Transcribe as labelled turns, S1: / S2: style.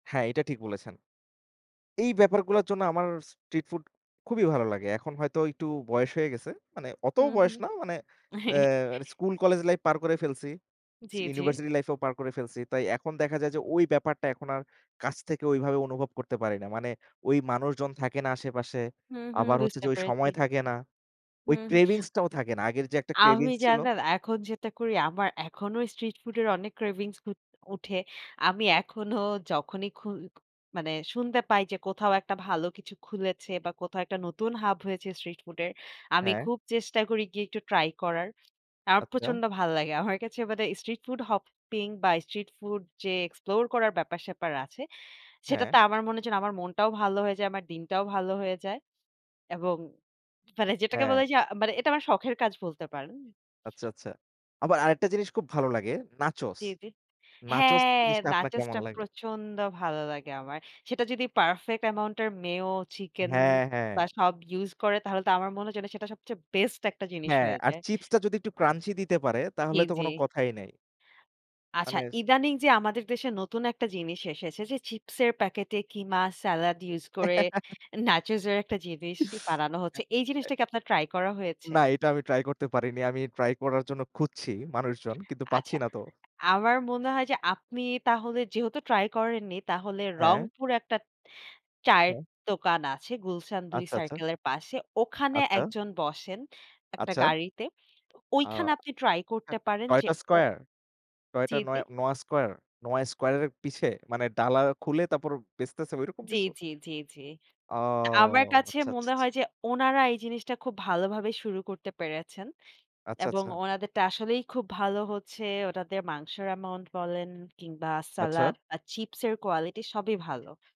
S1: হ্যাঁ, এটা ঠিক বলেছেন। এই ব্যাপারগুলার জন্য আমার স্ট্রিট ফুড খুবই ভালো লাগে। এখন হয়তো একটু বয়স হয়ে গেছে। মানে অতোও
S2: হুম,
S1: বয়স
S2: হুম।
S1: না। মানে এ স্কুল, কলেজ লাইফ পার করে ফেলছি,
S2: জি,
S1: চি
S2: জি।
S1: ইউনিভারসিটি লাইফ ও পার করে ফেলছি। তাই এখন দেখা যায় যে, ওই ব্যাপারটা এখন আর কাছ থেকে ওইভাবে অনুভব করতে পারি না। মানে ওই মানুষজন থাকে না আশেপাশে।
S2: হুম, হুম।
S1: আবার হচ্ছে
S2: বুঝতে
S1: যে, ওই
S2: পেরেছি।
S1: সময় থাকে না। ওই
S2: হুম, হুম।
S1: cravings টাও থাকে না। আগের যে একটা
S2: আমি
S1: cravings ছিল।
S2: জানেন এখন যেটা করি, আমার এখনও স্ট্রিট ফুড এর অনেক cravings উ উঠে। আমি এখনও যখনই খুই মানে শুনতে পাই যে কোথাও একটা ভালো কিছু খুলেছে বা কোথাও একটা নতুন হাব হয়েছে স্ট্রিট ফুড এর, আমি
S1: হ্যাঁ।
S2: খুব চেষ্টা করি গিয়ে একটু ট্রাই করার। আমার
S1: আচ্ছা।
S2: প্রচণ্ড ভাল্লাগে। আমার কাছে মানে স্ট্রিট ফুড হপিং বা স্ট্রিট ফুড যে এক্সপ্লোর করার ব্যাপার-স্যাপার আছে,
S1: হ্যাঁ।
S2: সেটাতে আমার মনে হয় যেন আমার মনটাও ভালো হয়ে যায়, আমার দিনটাও ভালো হয়ে যায় এবং মানে যেটাকে
S1: হ্যাঁ।
S2: বলে যে মানে এটা আমার শখের কাজ বলতে পারেন।
S1: আচ্ছা, আচ্ছা। আবার আরেকটা জিনিস খুব ভালো লাগে নাচোস,
S2: জি, জি।
S1: নাচোস
S2: হ্যাঁ,
S1: জিনিসটা আপনার
S2: নাচোস
S1: কেমন
S2: টা
S1: লাগে?
S2: প্রচণ্ড ভালো লাগে আমার। সেটা যদি পারফেক্ট আমাউন্ট এর মেয়ো, চিকেন
S1: হ্যাঁ, হ্যাঁ।
S2: বা সব ইউজ করে তাহলে তো আমার মনে হয় যেন সেটা সবচেয়ে বেস্ট একটা জিনিস
S1: হ্যাঁ,
S2: হয়ে
S1: আর
S2: যায়।
S1: চিপ্সটা যদি একটু Crunchy দিতে পারে তাহলে
S2: ই
S1: তো কোনো
S2: জি।
S1: কথাই নেই।
S2: আচ্ছা,
S1: অনেস্ট।
S2: ইদানিং যে আমাদের দেশে নতুন একটা জিনিস এসেছে যে চিপ্স প্যাকেটে কিমা, সালাদ ইউজ করে নাচোজ এর একটা জিনিস বানানো হচ্ছে। এই
S1: এ এ
S2: জিনিসটা কি আপনার ট্রাই করা হয়েছে?
S1: না, এটা আমি ট্রাই করতে পারি নি। আমি ট্রাই করার জন্য খুঁজছি মানুষজন কিন্তু পাচ্ছি
S2: আচ্ছা,
S1: না তো।
S2: আমার মনে হয় যে আপনি তাহলে যেহেতু ট্রাই করেননি তাহলে
S1: হ্যাঁ।
S2: রংপুরে একটা চায়ের
S1: হ্যাঁ।
S2: দোকান আছে গুলশান ২
S1: আচ্ছা, আচ্ছা।
S2: সার্কেলের পাশে, ওখানে
S1: আচ্ছা।
S2: একজন বসেন একটা
S1: আচ্ছা।
S2: গাড়িতে।
S1: অ
S2: ওইখানে আপনি ট্রাই করতে
S1: টট
S2: পারেন যে
S1: টয়টা
S2: ও
S1: স্কয়ার? টয়টা
S2: জি, জি।
S1: নয় নোয়া স্কয়ার? নোয়া স্কয়ার এর পিছে? মানে ডালা খুলে তারপর বেচতেছে ওইরকম
S2: জি,
S1: কিছু?
S2: জি, জি, জি।
S1: ও!
S2: তো আমার কাছে
S1: আচ্ছা, আচ্ছা, ছা
S2: মনে
S1: ছা
S2: হয় যে ওনারা এই জিনিসটা খুব ভালোভাবেই শুরু করতে পেরেছেন
S1: আচ্ছা,
S2: এবং
S1: আচ্ছা।
S2: ওনাদেরটা আসলেই খুব ভালো হচ্ছে। ওনাদের মাংসের অ্যামাউন্ট বলেন কিংবা
S1: আচ্ছা।
S2: সালাদ বা চিপ্স এর quality সবই ভালো।